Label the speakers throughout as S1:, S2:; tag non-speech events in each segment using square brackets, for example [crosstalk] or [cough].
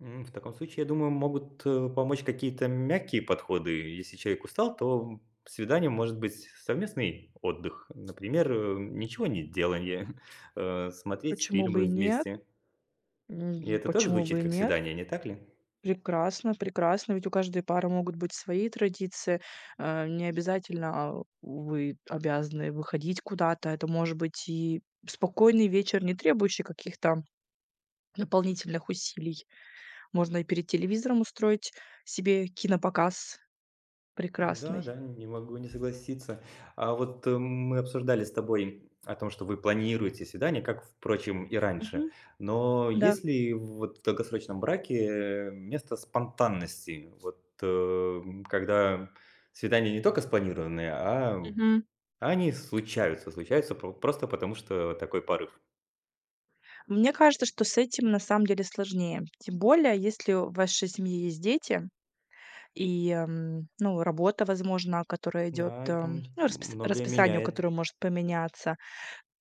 S1: М, в таком случае, я думаю, могут, э, помочь какие-то мягкие подходы. Если человек устал, то, м, свиданием может быть совместный отдых, например, э, ничегонеделание, [chuckles] э, смотреть
S2: Почему
S1: фильмы
S2: бы и нет?
S1: вместе. И
S2: М,
S1: это тоже
S2: почему
S1: звучит
S2: бы и
S1: как
S2: нет?
S1: свидание, не так ли?
S2: Прекрасно. Прекрасно. Ведь у каждой пары могут быть свои традиции. А, не обязательно а вы обязаны выходить куда-то. Это может быть и спокойный вечер, не требующий каких-то дополнительных усилий. Можно и перед телевизором устроить себе кинопоказ
S1: М-да,
S2: прекрасный.
S1: да, не могу не согласиться. А вот, мы обсуждали с тобой о том, что вы планируете свидания, как, впрочем, и раньше.
S2: Мгм,
S1: Но
S2: да.
S1: есть ли в, вот, долгосрочном браке, э, место спонтанности? Вот, эм, когда свидания не только спланированные, а м
S2: Мгм.
S1: а они случаются, случаются по просто потому, что такой порыв.
S2: Мне кажется, что с этим на самом деле сложнее. Тем более если в вашей семье есть дети и, м, ну, работа, возможно, которая идет,
S1: Да, это м
S2: эм, ну,
S1: м
S2: распис
S1: многое
S2: расписание, у
S1: меняет.
S2: которое может поменяться,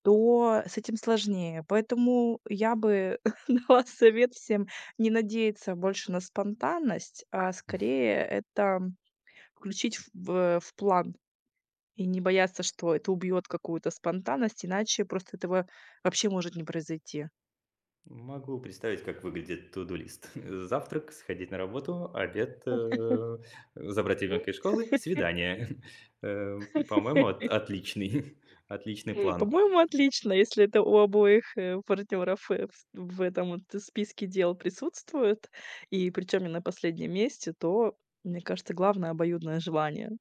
S2: то с этим сложнее. Поэтому, э, я бы дала совет всем не надеяться больше на спонтанность, а скорее это, м, включить в, э, в план. И не бояться, что это убьет какую-то спонтанность, иначе просто этого вообще может не произойти.
S1: Могу представить, как выглядит туду-лист: э, завтрак, сходить на работу, обед, э,
S2: [laughs]
S1: э, забрать ребёнка из школы,
S2: [laughs]
S1: свидание. [chuckles] Э, м, по-моему, от
S2: [laughs]
S1: отличный [chuckles] отличный план.
S2: По-моему, отлично, если это у обоих, э, партнеров, э, фс в этом вот, э, списке дел присутствует, и причем не на последнем месте, то, мне кажется, главное- обоюдное желание.